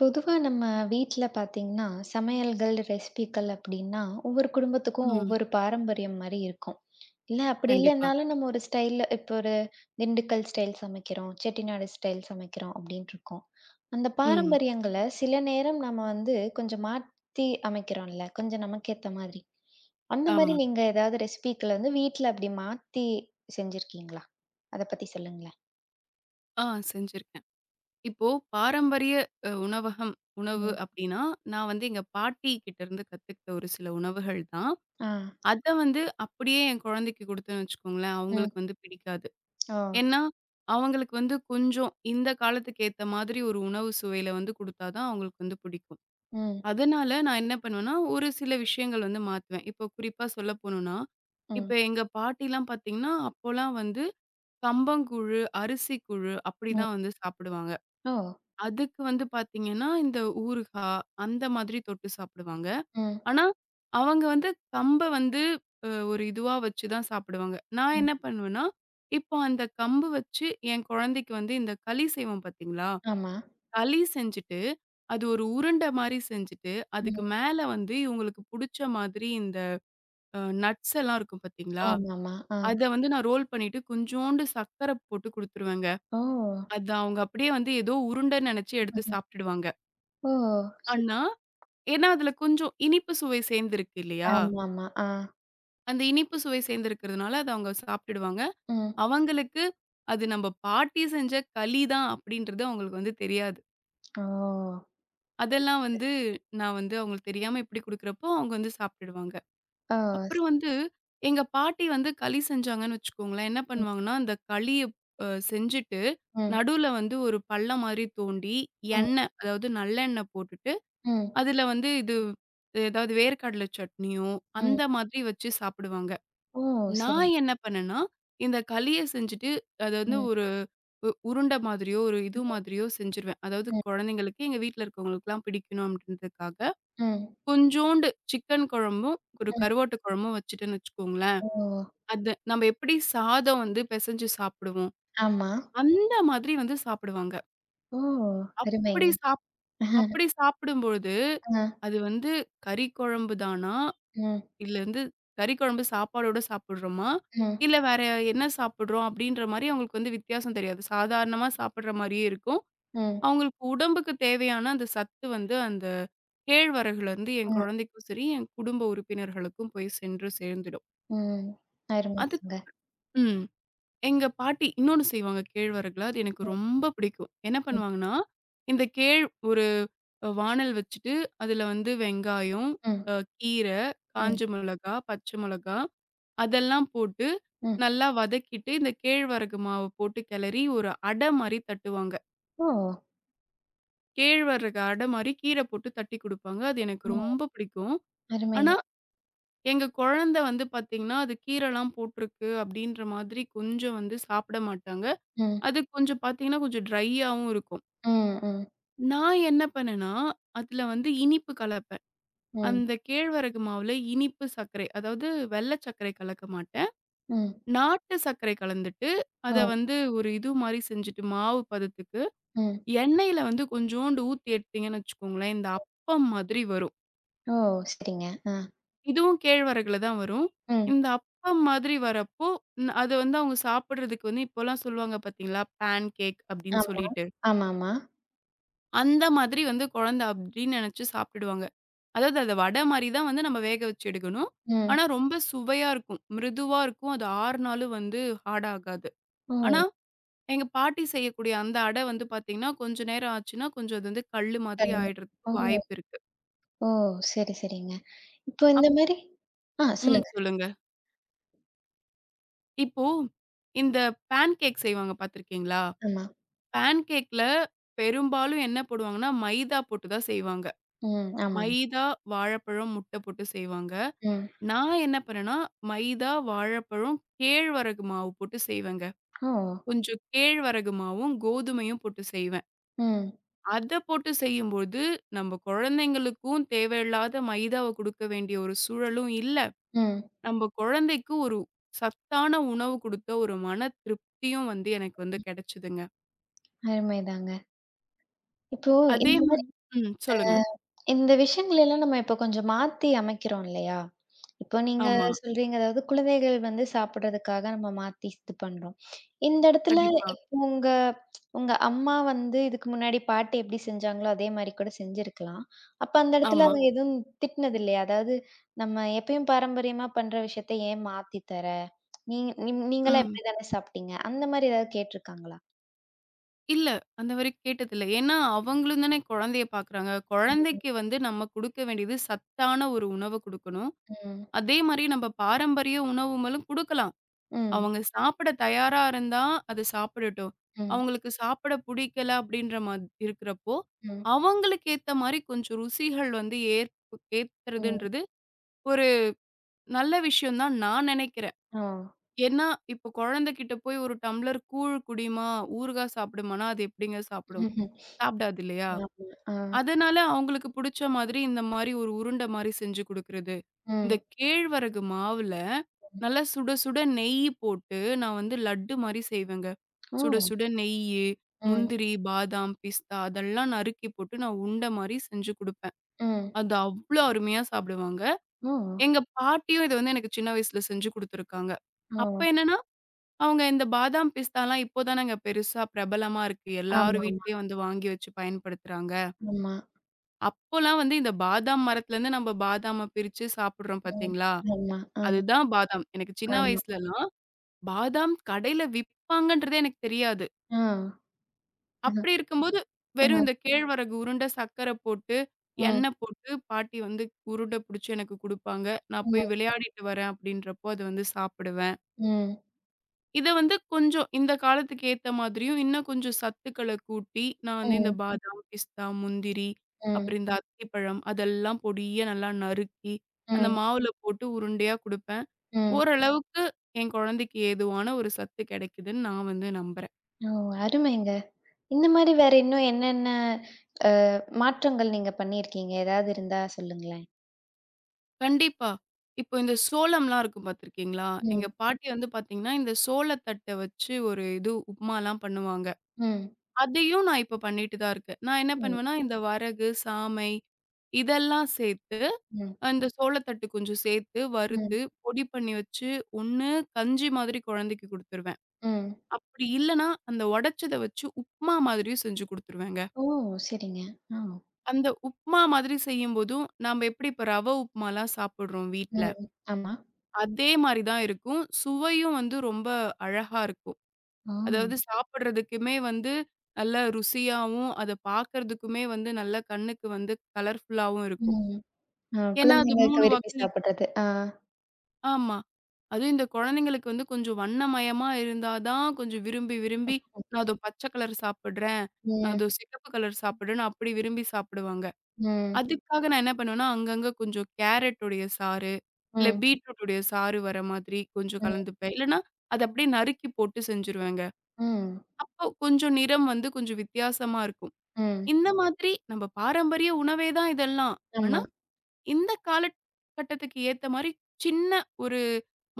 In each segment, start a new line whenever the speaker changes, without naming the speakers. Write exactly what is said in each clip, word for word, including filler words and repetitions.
பொதுவா நம்ம வீட்டுல பார்த்தீங்கன்னா, சமையல்கள், ரெசிபிகள் அப்படின்னா ஒவ்வொரு குடும்பத்துக்கும்
ம்.
ஒவ்வொரு பாரம்பரியம் மாதிரி இருக்கும். இல்ல, அப்படி
கண்டிப்பா.
இல்லைன்னாலும் நம்ம ஒரு ஸ்டைல்ல, இப்போ ஒரு திண்டுக்கல் ஸ்டைல் சமைக்கிறோம், செட்டிநாடு ஸ்டைல் சமைக்கிறோம் அப்படின்ருக்கும். அந்தப்
ம்.
பாரம்பரியங்களை சில நேரம் நாம வந்து கொஞ்சம் மாத்தி அமைக்கிறோம்ல, கொஞ்சம் நமக்கு ஏத்த மாதிரி. அந்த மாதிரி.
ஆமா.
நீங்க ஏதாவது ரெசிபிகள வந்து வீட்டுல அப்படி மாத்தி செஞ்சிருக்கீங்களா? அதைப் பத்தி சொல்லுங்களேன்.
ஆ, செஞ்சிருக்கேன். இப்போ பாரம்பரிய அ உணவகம் உணவு
ம்.
அப்படின்னா, நான் வந்து எங்க பாட்டி கிட்ட இருந்து கத்துக்கிட்ட ஒரு சில உணவுகள் தான்.
அ.
அதை வந்து அப்படியே என் குழந்தைக்குக் கொடுத்தேன்னு வச்சுக்கோங்களேன்,
ம்.
அவங்களுக்கு வந்து பிடிக்காது.
ஓ!
ஏன்னா, அவங்களுக்கு வந்து கொஞ்சம் இந்தக் காலத்துக்கேத்த மாதிரி, ஒரு உணவு சுவையில வந்து கொடுத்தா தான் அவங்களுக்கு பிடிக்கும்.
ம்.
அதனால நான் என்ன பண்ணுவேன்னா, ஒரு சில விஷயங்கள் வந்து மாத்துவேன். இப்போ குறிப்பா சொல்லப்போணும்னா,
ம்.
இப்போ எங்க பாட்டில்லாம் பாத்தீங்கன்னா, அப்போலாம் வந்து கம்பங்கூழு, அரிசி கூழு அப்படி
ம்.
தான் வந்து சாப்பிடுவாங்க.
ஓ.
அதுக்கு வந்து பாத்தீங்கன்னா, இந்த ஊறுகா அந்த மாதிரி தொட்டு சாப்பிடுவாங்க.
ம்.
ஆனா, அவங்க வந்து கம்ப வந்து அ ஒரு இதுவா வச்சு தான் சாப்பிடுவாங்க. நான்
ம்.
என்ன பண்ணுவேன்னா, இப்போ அந்தக் கம்பு வச்சு என் குழந்தைக்கு இந்த களி செய்வோம் பாத்தீங்களா?
ஆமா.
களி செஞ்சுட்டு, அது ஒரு உருண்ட மாதிரி செஞ்சுட்டு, அதுக்கு
ம்.
மேல வந்து இவங்களுக்கு புடிச்ச மாதிரி இந்த அ, நட்ஸ் எல்லாம் இருக்கும் பாத்தீங்களா?
ஆமாமா. ஆ.
அதை வந்து நான் ரோல் பண்ணிட்டு, கொஞ்சோண்டு சர்க்கரை போட்டு குடுத்துருவேங்க.
ஓ!
அது அவங்க அப்படியே வந்து ஏதோ உருண்டை நினைச்சு எடுத்துச் சாப்ட்டுடுவாங்க.
ஓ. சரி.
அன்னா, ஏன்னா அதுல கொஞ்சம் இனிப்பு சுவை சேர்ந்துருக்கு இல்லையா?
ஆமாமா. அ.
அந்த இனிப்பு சுவை சேர்ந்துருக்கறதுனால அத அவங்க சாப்ட்டிடுவாங்க.
ம்.
அவங்களுக்கு, அது நம்ம பாட்டி செஞ்ச களி தான் அப்டின்றது அவங்களுக்கு வந்து தெரியாது.
ஓ..
அதெல்லாம்
[unintelligible]
வந்து நான் வந்து அவங்களுக்கு தெரியாம இப்படி குடுக்கறப்போ அவங்க வந்து சாப்ட்டிடுவாங்க.
ஓ! ஸ்
அப்புறம் வந்து எங்க பாட்டி வந்து களி செஞ்சாங்கன்னு வெச்சுக்கோங்களேன், என்ன
ம்.
பண்ணுவாங்கனா, அந்தக் களிய அ செஞ்சுட்டு
ம்.
நடுவுல வந்து ஒரு பள்ளம் மாரி தோண்டி,
ம்.
எண்ண அதாவது நல்லெண்ண போட்டுட்டு,
ம்.
அதுல வந்து இது ஏதாது வேர்க்கடல சட்னியோ, அந்த
ம்.
மாதிரி வச்சு சாப்பிடுவாங்க.
ஓ!
நான்
சரிங்க.
என்ன பண்ணேன்னா இந்தக் களிய செஞ்சுட்டு அது வந்து
ம்.
ஒரு உ உருண்ட மாதிரியோ ஒரு இது
ம்.
மாதிரியோ செஞ்சிருவேன். அதாவது
ம்.
குழந்தைங்களுக்கு எங்க வீட்டுல இருக்கவங்களுக்குல்லாம் பிடிக்கணும், அப்டின்றதுக்காகக்
ம்.
கொஞ்சோண்டு சிக்கன் குழம்பும், ஒரு
ம்.
கருவாட்டு குழம்பும் வச்சிட்டன்னு, வெச்சுக்கோங்களன்,
ஓ!
அத நாம எப்டி சாதம் வந்து பெசஞ்சு சாப்டுவோம்.
ஆமா.
அந்த மாதிரி வந்து சாப்டுவாங்க.
ஓ! அருமைங்க.
அப்டி சாப் அப்டி சாப்பிடும்போது
அ.
அது வந்து கறி குழம்பு தானா?
ம்.
இல்ல வந்து கறி குழம்பு சாப்பாடோட சாப்டுறோமா?
ம்.
இல்ல வேற என்ன சாப்பிடுறோம் அப்டின்ற மாரி அவங்களுக்கு வித்தியாசம் தெரியாது. சாதாரணமா சாப்பிடற மாரியே இருக்கும்.
ம்.
அவங்களுக்கு உடம்புக்கு தேவையான அந்த சத்து வந்து அந்த கேழ்வரகுலருந்து என்
ம்.
குழந்தைக்கும் சரி, என் குடும்ப உறுப்பினர்களுக்கும் போய் சென்று சேர்ந்திடும்.
ம். அருமைங்க.
அதுக்கப் ம். எங்க பாட்டி இன்னொன்னு செய்வாங்க. கேழ்வரகுல. அது எனக்கு
ம்.
ரொம்ப பிடிக்கும். என்ன
ம்.
பண்ணுவாங்கனா. இந்தக் கேழ் ஒரு வாணல் வச்சிட்டு அதுல வந்து வெங்காயம்
ம்.
அ கீர, காஞ்ச
ம்.
மொளகா, பச்சை மொளகா அதெல்லாம் போட்டு
ம்.
நல்லா வதக்கிட்டு இந்தக் கேழ்வரகு மாவு போட்டு கெலரி ஒரு அட மாரி தட்டுவாங்க.
ஓ!
கேழ்வரகு அட மாரி கீர போட்டு தட்டி குடுப்பாங்க. அது எனக்கு
ஓ.
ரொம்ப பிடிக்கும்.
அருமைங்க.
ஆனா, எங்க கொழந்தை வந்து பாத்தீங்கன்னா, அது கீரைல்லாம் போட்டு இருக்கு அப்டின்ற மாதிரி கொஞ்சம் வந்து சாப்பிட மாட்டாங்க.
ம்.
அது கொஞ்சம் பாத்தீங்கன்னா கொஞ்சம் ட்ரையாவும் இருக்கும்.
ம். ம்.
நான் என்ன பண்ணேன்னா, அதுல வந்து இனிப்பு கலப்பேன்.
ம்.
அந்தக் கேழ்வரகு மாவுல இனிப்பு சர்க்கரை, அதாவது வெள்ளை சர்க்கரை கலக்க மாட்டேன்.
ம்.
நாட்டு சர்க்கரை கலந்துட்டு, அத
ஓ.
வந்து ஒரு இது மாரி செஞ்சுட்டு, மாவு பதத்துக்கு
ம்.
எண்ணெயில வந்து கொஞ்சோண்டு ஊத்தி எடுத்தீங்கனு வெச்சுக்கோங்களேன். இந்த அப்பம் மாதிரி வரும்.
ஓ! செரிங்க. ஆ.
இதுவும் கேழ்வரகுல தான் வரும்.
ம்.
இந்த அப்பம் மாதிரி வரப்போ, ன் அத வந்து அவுங்க சாப்பிடுறதுக்கு வந்து, இப்போல்லாம் சொல்லுவாங்க பாத்தீங்களா பேன்கேக் அப்டின்னு
ஆமா,
சொல்லிட்டு.
ஆமாமா.
அந்த மாதிரி வந்து கொழந்தை அப்டினு நெனச்சு சாப்ட்டுடுவாங்க. அதாவது அத வடை மாரி தான் வந்து நம்ம வேக வச்சு எடுக்கணும்.
ம்.
ஆனா ரொம்ப சுவையா இருக்கும். மிருதுவா இருக்கும். அது ஆருநாளும் வந்து ஹார்ட் ஆகாது. ஆனா,
ஓ.
எங்க பாட்டி செய்யக்கூடிய அந்த அட வந்து பாத்தீங்கன்னா, கொஞ்ச நேரம் ஆச்சுன்னா கொஞ்சம் அது கல்லு மாதிரி
சரிங்க.
ஆயிடுறதுக்கு
ஓ.
வாய்ப்பு இருக்கு.
ஓ. செரி, செரிங்க. இப்போ இந்த
அப்
மாரி ஆ
ம்.
சொல்லுங்க.
சொல்லுங்க. இப்போ, இந்த பேன்கேக் செய்வாங்க பாத்துருக்கீங்களா?
ஆமா.
பேன்கேக்ல பெரும்பாலும் என்ன போடுவாங்கன்னா, மைதா போட்டுத் தான் செய்வாங்க.
ம். ஆமாங்க.
மைதா, வாழப்பழம், முட்ட போட்டுச் செய்வாங்க.
ம்.
நான் என்ன பண்ணனா மைதா, வாழைப்பழம், கேழ்வரகு மாவு போட்டு செய்வேங்க.
ஓ!
கொஞ்சம் கேழ்வரகு மாவும், கோதுமையும் போட்டுச் செய்வேன்.
ம்.
அதப் போட்டுச் செய்யும் போது நம்ப கொழந்தைங்களுக்கும் தேவயில்லாத மைதாவக் குடுக்க வேண்டிய ஒரு சூழலும் இல்ல.
ம்.
நம்ப கொழந்தைக்கு ஒரு சத்தான உணவு குடுத்த ஒரு மனத் திருப்தியும் வந்து எனக்கு வந்து கெடச்சுதுங்க.
அருமைதாங்க. இப்போ
அதே
இந்த
மா
மாரி அ
ம், சொல்லுங்க.
இந்த விஷயங்கள் எல்லாம் நம்ம இப்போ கொஞ்சம் மாத்தி அமைக்கிறோம் இல்லயா? இப்போ
ஆமா.
நீங்கச் சொல்றீங்க அதாவது, குழந்தைகள் வந்து சாப்பிடுறதுக்காக நம்ம மாத்தி இது பண்றோம். இந்த இடத்துல
கண்டிப்பா.
இப் உங்க, உங்க அம்மா வந்து இதுக்கு முன்னாடி பாட்டி எப்டி செஞ்சாங்களோ, அதே மாதிரி கூடச் செஞ்சிருக்கலாம். அப்போ அந்த இடத்துல
ஆமா.
அவுங்க எதுவும் திட்டினதில்லயா? அதாவது நம்ம எப்பயும் பாரம்பரியமா பண்ற விஷயத்த ஏன் மாத்தி தர? நீங் நீம் நீங்கல்லாம்
ம்.
இப்டித்தான சாப்பிட்டீங்க? அந்த மாதிரி ஏதாவது கேட்டு இருக்காங்களா?
இல்ல, அந்த வரை கேட்டது இல்ல. ஏன்னா அவங்களும் தானே கொழந்தையப் பாக்குறாங்க.
ம், ம்.
கொழந்தைக்கு வந்து நம்ம குடுக்க வேண்டியது சத்தான ஒரு உணவ குடுக்கணும்.
ம்.
அதே மாரி நம்ப பாரம்பரிய உணவும்மலும் குடுக்கலாம்,
ம்.
அவங்க சாப்பிட தயாரா இருந்தா அது சாப்பிடட்டும்.
ம்.
அவுங்களுக்கு சாப்பிட பிடிக்கல அப்டின்ற மா இருக்குறப்போ,
ம்.
அவங்களுக்கு ஏத்த மாதிரி கொஞ்சம் ருசிகள் வந்து ஏத்
ம்.
ஏத்துறதுன்றது ஒரு நல்ல விஷயம் தான் நான் நெனைக்கிறேன்.
ஆ.
ஏன்னா, இப்போ கொழந்தை கிட்ட போய் ஒரு டம்ளர் கூழ் குடிம்மா, ஊறுகா சாப்டுமானா அது எப்டிங்க சாப்பிடும்?
ம்ஹ்ம்.
சாப்டாது இல்லையா?
[unintelligible] அ.
அதனால அவுங்களுக்கு புடிச்ச மாதிரி இந்த மாரி ஒரு உருண்டை மாதிரி செஞ்சு குடுக்கிறது.
ம்.
இந்தக் கேழ்வரகு மாவுல நல்லா சுட, சுட நெய்யி போட்டு, நான் வந்து லட்டு மாரி செய்வேன்ங்க. சுட
ஓ!
சுட நெய்யி,
ம்.
முந்திரி, பாதாம், பிஸ்தா அதெல்லாம் நறுக்கி போட்டு நான் உண்ட மாரி செஞ்சு குடுப்பேன்.
ம்.
அது அவ்ளோ அருமையா சாப்பிடுவாங்க.
ஓ!
எங்க பாட்டியும் இத வந்து எனக்குச் சின்ன வயசுல செஞ்சு குடுத்திருக்காங்க. அப்ப
ஓ!
என்னன்னா, அவங்க இந்த பாதாம், பிஸ்தா எல்லாம் இப்போதானே பெருசா பிரபலமா இருக்கு, எல்லாரு
ஆமாமா.
வீட்டுலயும் வந்து வாங்கி வச்சு பயன்படுத்துறாங்க.
உம்மா.
அப்பல்லாம் வந்து இந்த பாதாம் மரத்திலேந்து நம்ம பாதாம பிரிச்சு சாப்பிடுறோம்
ம்.
பாத்தீங்களா?
ஆமா. ஆ.
அதுதான் பாதாம். எனக்கு சின்ன
ஆமா.
வயசுலாம் பாதாம் கடைல விப்பாங்கன்றதே எனக்கு தெரியாது.
ஆ. அ.
அப்படி இருக்கும்போது வெறும்
அ.
இந்த கேழ்வரகு உருண்ட, சர்க்கர போட்டு
ம்.
எண்ணெ போட்டு பாட்டி வந்து உருண்ட புடிச்சு எனக்கு குடுப்பாங்க. நான்
ம்.
போய் விளையாடிட்டு வரேன் அப்படின்றபோ அது வந்து சாப்பிடுவேன்.
ம்.
இத வந்து கொஞ்சம் இந்த காலத்துக்கு ஏத்த மாதிரியும், இன்னும் கொஞ்சம் சத்துக்கள கூட்டி நானே இந்த
ம்.
பாதாம், பிஸ்தா, முந்திரி,
ம்.
அப்புறம் இந்த அத்திப்பழம் அதெல்லாம் பொடியா நல்லா நறுக்கி அந்த
ம்.
மாவுல போட்டு உருண்டையா கொடுப்பேன்.
ம்.
ஓரளவுக்கு என் கொழந்தைக்கு ஏதுவான ஒரு சத்து கிடைக்குதுன்னு நான் வந்து நம்புறேன்.
ஓ. அருமைங்க. இந்த மாரி வேற இன்னும் என்னென்ன அ மாற்றங்கள் நீங்க பண்ணியிருக்கீங்க? ஏதாது இருந்தா சொல்லுங்களேன்.
கண்டிப்பா. இப்போ இந்த சோளம்லாம் இருக்கும் பாத்துருக்கீங்களா? எங்க
ம்.
பாட்டி வந்து பாத்தீங்கன்னா இந்த சோளத்தட்ட வச்சு ஒரு இது உப்புமாலாம் பண்ணுவாங்க.
ம்.
அதையும் நான் இப்ப பண்ணிட்டு தான் இருக்கேன். நான் என்ன
ம்.
பண்ணுவேன்னா இந்த வரகு, சாமை இதெல்லாம் சேர்த்து
ம்.
அந்த சோளத்தட்டை கொஞ்சம் சேர்த்து
ம்.
வறுத்து பொடி பண்ணி வச்சு, ஒண்ணு கஞ்சி மாதிரி குழந்தைக்கு கொடுத்துருவேன்.
ம்.
அப்படி இல்லன்னா, அந்த உடைச்சத வச்சு உப்புமா மாதிரியும் செஞ்சு கொடுத்துருவேங்க.
ஓ! சரிங்க. அ.
அந்த உப்புமா மாதிரி செய்யும்போது நாம எப்படி இப்ப ரவ உப்புமாலாம் சாப்பிடுறோம் வீட்டுல.
ம். ஆமா.
அதே மாரி தான் இருக்கும். சுவையும் வந்து ரொம்ப அழகா இருக்கும்.
ஆ.
அதாவது சாப்பிடுறதுக்குமே வந்து நல்ல ருசியாவும், அத பாக்குறதுக்குமே வந்து நல்ல கண்ணுக்கு வந்து கலர்ஃபுல்லாவும் இருக்கும்.
ம். அ.
ஏன்னா அது
குழந்தைங்களுக்கு
மூணு
விரும்பி
வாகி
சாப்பிடுறது. ஆ.
ஆமா. அது இந்த கொழந்தைங்களுக்கு வந்து கொஞ்சம் வண்ணமயமா இருந்தாதான் கொஞ்சம் விரும்பி, விரும்பி "நான் இதோ பச்சை கலர் சாப்பிடுறேன். நான்
ம்.
இதோ சிகப்பு கலர் சாப்பிடுறேன்." அப்படி விரும்பி சாப்பிடுவாங்க.
ம்.
அதுக்காக நான் என்ன பண்ணுவேன்னா, அங்கங்க கொஞ்சம் கேரட்டுடைய சாறு. இல்ல
ம்.
பீட்ரூட்டுடைய சாறு வர்ற மாதிரி கொஞ்சம்
ம்.
கலந்துப்பேன். இல்லன்னா அத அப்படியே நறுக்கி போட்டு செஞ்சுருவேங்க.
ம்.
அப்ப கொஞ்சம் நிறம் வந்து கொஞ்சம் வித்தியாசமாருக்கும்.
ம்.
இந்த மாதிரி நம்ம பாரம்பரிய உணவே தான் இதெல்லாம்.
ஆமா.
ஆனா, இந்த காலக் கட்டத்துக்கு ஏத்த மாரி சின்ன ஒரு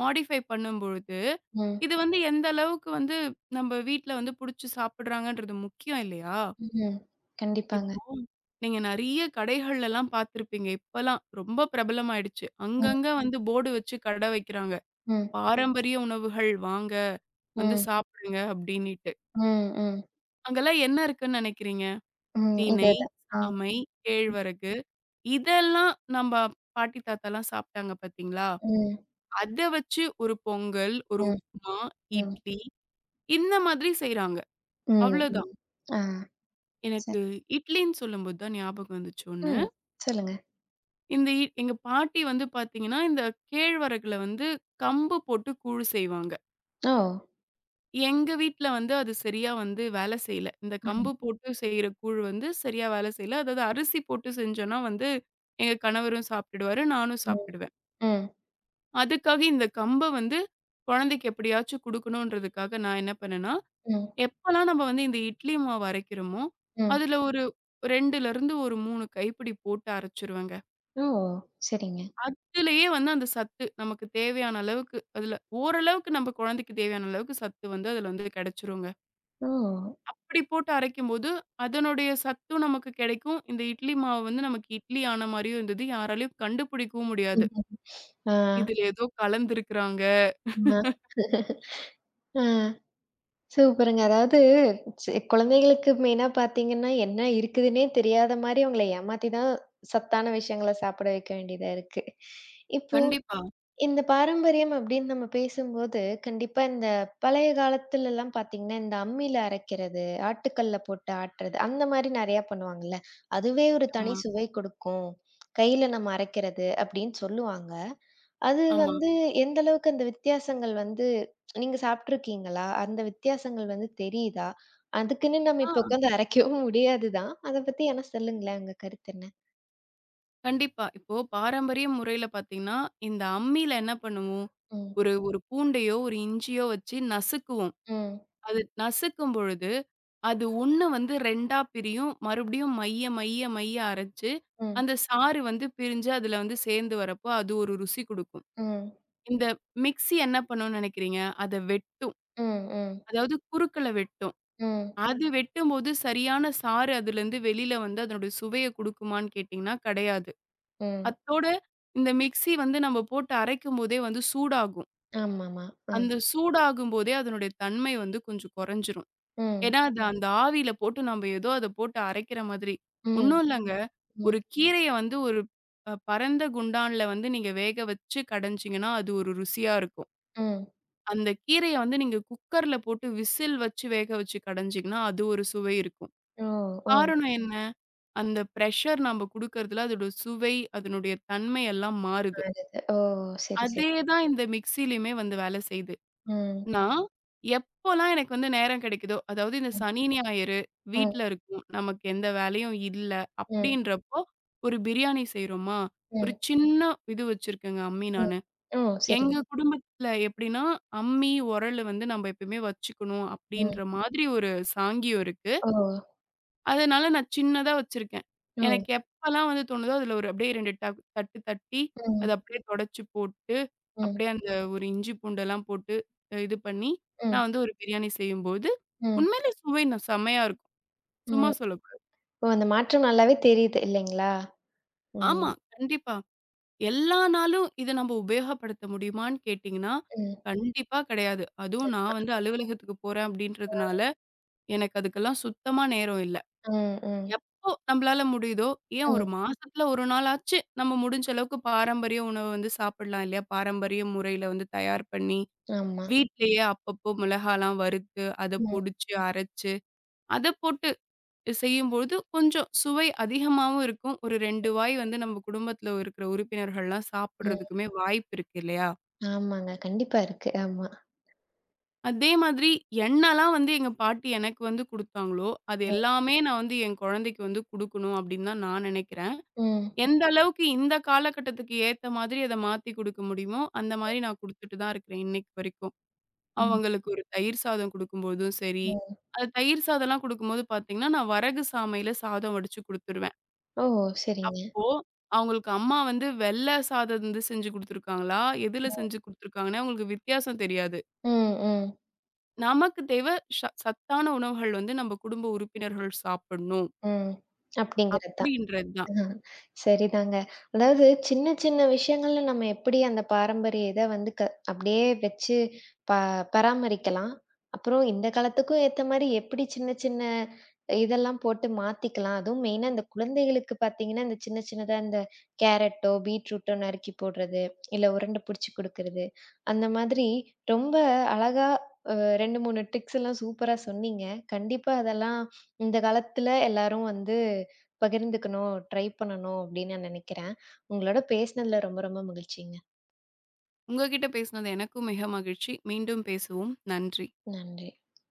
மாடிஃபை பண்ணும்பொழுது
ம்.
இது வந்து எந்த அளவுக்கு வந்து நம்ம வீட்டுல வந்து புடிச்சு சாப்பிடுறாங்கன்றது முக்கியம் இல்லையா?
ம். ம்.
இப்போ,
கண்டிப்பாங்க.
நீங்க நெறைய கடைகள் எல்லாம் பாத்துருப்பீங்க. இப்ப எல்லாம் ரொம்ப பிரபலமாயிடுச்சு.
ம்.
அங்கங்க வந்து போர்டு வச்சு கடை வைக்கிறாங்க.
ம்.
பாரம்பரிய உணவுகள் வாங்க. வந்து
ம்.
சாப்பிடுங்க அப்பிடினிட்டு.
ம்.ம்.
அங்கெல்லாம் என்ன இருக்குன்னு நினைக்கிறீங்க.
ம். இத
தினை,
தான்.
சாமை,
ம்.
கேழ்வரகு இதெல்லாம் நம்ப பாட்டி தாத்தால்லாம் சாப்ட்டாங்க பாத்தீங்களா?
ம்.
அத வச்சு ஒரு பொங்கல், ஒரு
ம்,
உப்மா,
ம்.
இட்லி இந்த மாரி செய்றாங்க.
ம்,
அவ்ளோதான்.
ம். ஆ. சரி.
எனக்கு இட்லின்னு சொல்லும்போது தான் ஞாபகம் வந்துச்சு ஒண்ணு.
ம். சொல்லுங்க.
இந்த இட் எங்க பாட்டி வந்து பாத்தீங்கன்னா, இந்தக் கேழ்வரகுல வந்து கம்பு போட்டுக் கூழ் செய்வாங்க.
ஓ.
எங்க வீட்டுல வந்து அது சரியா வந்து வேல செய்யல. இந்தக் கம்பு
[unintelligible]
போட்டுச் செய்ற கூழ் வந்து சரியா வேல செய்யல. அதாவது, அரிசி போட்டுச் செஞ்சோனா வந்து, எங்க கணவரும் சாப்ட்டுடுவாரு. நானும்
ம்.
சாப்பிடுவேன்.
ம்.
அதுக்காக, இந்தக் கம்ப வந்து குழந்தைக்கு எப்பிடியாச்சும் குடுக்கணுன்றதுக்காக நான் என்ன பண்ணேன்னா,
ம்.
எப்போல்லாம் நம்ம வந்து இந்த இட்லி மாவு அரைக்குறமோ,
ம்.
அதுல ஒரு ரெண்டுல இருந்து ஒரு மூணு கைப்பிடி போட்டு அரைச்சுருவேங்க.
ஓ! சரிங்க.
அதுலயே வந்து அந்தச் சத்து நமக்குத் தேவையான அளவுக்கு, அதுல ஓரளவுக்கு நம்ம குழந்தைக்குத் தேவையான அளவுக்குச் சத்து வந்து அதுல இது கிடைச்சுருங்க.
ஓ!
அப்டி போட்டு அரைக்கும்போது, அதனுடைய சத்தும் நமக்குக் கிடைக்கும். இந்த இட்லி மாவு வந்து நமக்கு இட்லி ஆன மாரியும் இருந்தது. யாராலையும் கண்டுபிடிக்கவும் முடியாது.
ஆ.
இதுல ஏதோ கலந்துருக்கிறாங்க.
அ ஆ. சூப்பருங்க! அதாவது, சி குழந்தைகளுக்கு மெயினா பாத்தீங்கன்னா, என்ன இருக்குதுன்னே தெரியாத மாரி அவங்களை ஏமாத்திதான், சத்தான விஷயங்கள சாப்பிட வைக்க வேண்டியதா இருக்கு. இப்போ,
கண்டிப்பா.
இந்தப் பாரம்பரியம் அப்டின்னு நம்ம பேசும்போது, கண்டிப்பா இந்தப் பழைய காலத்து எல்லாம் பாத்தீங்கன்னா, இந்த அம்மில அரைக்கிறது, ஆட்டுக்கல்ல போட்டு ஆட்டுறது அந்த மாரி நிறைய பண்ணுவாங்க இல்ல. அதுவே ஒரு தனி
ஆமா.
சுவை கொடுக்கும். கையில நம்ம அரைக்கிறது அப்டின்னு சொல்லுவாங்க. அது
ஆமா.
வந்து எந்த அளவுக்கு அந்த வித்தியாசங்கள் வந்து நீங்கச் சாப்பிட்டு இருக்கீங்களா? அந்த வித்தியாசங்கள் வந்து தெரியுதா? அதுக்குன்னு நம்ம
ஆ.
இப்ப உக்காந்து அரைக்கவும் முடியாதுதான். அதைப் பத்தி என்ன சொல்லுங்களேன் உங்க கருத்து என்ன?
கண்டிப்பா. இப்போ பாரம்பரிய முறையில பாத்தீங்கன்னா, இந்த அம்மில என்ன பண்ணுவோம்.
ம்.
ஒரு ஒரு பூண்டையோ, ஒரு இஞ்சியோ வெச்சு நசுக்குவோம்.
ம்.
அது நசுக்கும்பொழுது, அது ஒண்ணு வந்து ரெண்டா பிரியும். மறுபடியும் மைய, மைய, மைய அரச்சு,
ம்.
அந்தச் சாறு வந்து பிரிஞ்சு அதுல வந்து சேர்ந்து வரப்போ, அது ஒரு ருசி குடுக்கும்.
ம்.
இந்த மிக்ஸி என்ன பண்ணுன்னு நெனைக்கிறீங்க. அத வெட்டும்.
ம். ம்.
அதாவது குறுக்கல வெட்டும்.
ம்.
அது வெட்டும்போது சரியான சாறு அதுலருந்து வெளில வந்து அதனுடைய சுவைய குடுக்குமான்னு கேட்டீங்கன்னா கிடையாது.
ம்.
அத்தோட இந்த மிக்ஸி வந்து நம்ம போட்டு அரைக்கும்போதே வந்து சூடாகும்.
ஆம்மாமா. அ.
அந்தச் சூடாகும்போதே அதனுடைய தன்மை வந்து கொஞ்சம் குறைஞ்சிரும்.
ம்.
ஏன்னா, அது அந்த ஆவியில போட்டு நாம்ப எதோ அத போட்டு அரைக்கிற மாதிரி.
ம்.
ஒண்ணும் இல்லங்க. ஒரு
ம்.
கீரைய வந்து ஒரு ப பரந்த குண்டான்ல வந்து நீங்க வேக வெச்சு கடைஞ்சிங்கனா, அது ஒரு ருசியா இருக்கும்.
ம்.
அந்தக் கீரைய வந்து நீங்கக் குக்கர்ல போட்டு விசில் வச்சு வேக வச்சு கடைஞ்சிங்கனா அது ஒரு சுவை இருக்கும்.
ஓ. ஓ.
காரணம் என்ன? அந்த பிரஷர் நாம குடுக்குறதுல அதோட சுவை, அதனுடைய தன்மை எல்லாம் மாறுது.
[unintelligible] ஓ! செரி, செரி.
அதே தான் இந்த மிக்ஸியிலுமே வந்து வேல செய்து.
ம்.
நான் எப்போல்லாம் எனக்கு வந்து நேரம் கிடைக்குதோ அதாவது இந்த
ம்.
சனி, ஞாயிறு
ம்.
வீட்டுல இருக்கும் நமக்கு எந்த வேலையும் இல்ல
ம்.
அப்டின்றப்போ, ஒரு பிரியாணி செய்றோமா ஒரு
ம்.
சின்ன இது வச்சிருக்கேங்க அம்மி
ம்.
நானு.
ஓ, சரி.
எங்க குடும்பத்துல எப்டின்னா அம்மி, உரலு வந்து நம்ப எப்பவுமே வச்சுக்கணும்
ம்.
அப்டின்ற மாதிரி ஒரு சாங்கியம் இருக்கு.
ஓ.
அதனால நான் சின்னதா வச்சிருக்கேன்.
ஓ.
எனக்கு எப்பல்லாம் வந்து தோணுதோ அதுல ஒரு அப்டியே ரெண்டு தட் தட்டு தட்டி அத
ம்.
அப்டியே துடைச்சு போட்டு,
ம்.
அப்டியே அந்த ஒரு இஞ்சி, பூண்டு எல்லாம் போட்டு, இது பண்ணி
ம்.
நான் வந்து ஒரு பிரியாணி செய்யும்போது,
ம்.
உண்மையிலே சுவைனா செமையா இருக்கும். சும்மா
ம்.
சொல்லக் கூடாது.
ஓ! அந்த மாற்றம் நல்லாவே தெரியுது இல்லைங்களா? ம்.
ஆமா. கண்டிப்பா. எல்லா நாளும் இத நம்ப உபயோகப்படுத்த முடியுமான்னு கேட்டீங்கன்னா
ம்.
கண்டிப்பா கெடையாது. அதுவும் நான்
சரிதான்.
வந்து அலுவலகத்துக்கு போறேன் அப்டின்றதுனால,
ம்.
எனக்கு அதுக்கெல்லாம் சுத்தமா நேரம் இல்ல.
ம், ம்.
எப்போ நம்மளால முடியுதோ, ஏன்
ம்.
ஒரு மாசத்துல ஒரு நாளாச்சு நம்ம முடிஞ்ச அளவுக்கு பாரம்பரிய உணவு வந்து சாப்பிடலாம் இல்லையா? பாரம்பரிய முறையில வந்து தயார் பண்ணி,
ஆமா.
வீட்டிலேயே அப்பப்போ மிளகாலாம் வறுத்து, அத
ம்.
பொடிச்சு அரச்சு, அதப் போட்டு செய்யும்போது கொஞ்சம் சுவை அதிகமாவும் இருக்கும். ஒரு ரெண்டு வாய் வந்து நம்ம குடும்பத்துல இருக்கிற உறுப்பினர்கள்லாம்
ம்.
சாப்பிடுறதுக்குமே வாய்ப்பு இருக்கு இல்லையா?
ஆமாங்க. கண்டிப்பா இருக்கு. ஆமா.
அதே மாதிரி என்னெல்லாம் வந்து எங்க பாட்டி எனக்கு வந்து குடுத்தாங்களோ, அது
ம்.
எல்லாமே நான் வந்து என் கொழந்தைக்கு வந்து குடுக்கணும் அப்டின்தான் நான் நெனைக்கிறேன்.
ம்.
எந்த அளவுக்கு இந்தக் காலகட்டத்துக்கு ஏத்த மாதிரி அத மாத்தி குடுக்க முடியுமோ, அந்த மாதிரி நான் குடுத்துட்டுதான் இருக்கிறேன் இன்னைக்கு வரைக்கும்.
ம்.
அவங்களுக்கு ஒரு தயிர் சாதம் குடுக்கும்போதும் சரி,
ம்.
அது தயிர் சாதல்லாம் குடுக்கும்போது பாத்தீங்கன்னா, நான் வரகுசாமையில சாதம் வடிச்சு குடுத்துருவேன்.
ஓ! செரிங்க.
அப்போ அவுங்களுக்கு அம்மா வந்து வெள்ள சாதம் இருந்து செஞ்சு குடுத்திருக்காங்களா, எதுல
ம்.
செஞ்சு குடுத்திருக்காங்கன்னே அவுங்களுக்கு வித்தியாசம் தெரியாது.
ம், ம்.
நமக்குத் தேவை சா சத்தான உணவுகள் வந்து நம்ப குடும்ப உறுப்பினர்கள் சாப்பிடணும்.
ம் அப்டிங்கறது தான்.
அப்டின்றதுதான்.
ஆ, சரிதாங்க. அதாவது சின்ன சின்ன விஷயங்கள்ல நம்ம எப்பிடி அந்தப் பாரம்பரிய இத வந்து, க அப்டியே வெச்சு பா பராமரிக்கலாம். அப்புறம் இந்தக் காலத்துக்கும் ஏத்த மாரி எப்பிடி சின்ன சின்ன இதெல்லாம் போட்டு மாத்திக்கலாம். அதுவும் மெயின்னா இந்தக் குழந்தைகளுக்குப் பாத்தீங்கன்னா, அந்தச் சின்ன சின்ன அந்த கேரட்டோ, பீட்ரூட்டோ நறுக்கிப் போடுறது, இல்ல உருண்டை புடிச்சு குடுக்குறது அந்த மாதிரி ரொம்ப அழகா ஊ ரெண்டு, மூணு ட்ரிக்ஸ் எல்லாம் சூப்பரா சொன்னீங்க. கண்டிப்பா அதெல்லாம் இந்தக் காலத்துல எல்லாரும் வந்து பகிர்ந்துக்கணும், ட்ரை பண்ணணும் அப்டின்னு நான் நெனைக்கிறேன். உங்களோட பேசினதுல ரொம்ப ரொம்ப மகிழ்ச்சிங்க.
உங்ககிட்ட பேசினது எனக்கும் மிக மகிழ்ச்சி. மீண்டும் பேசுவோம். நன்றி.
நன்றி.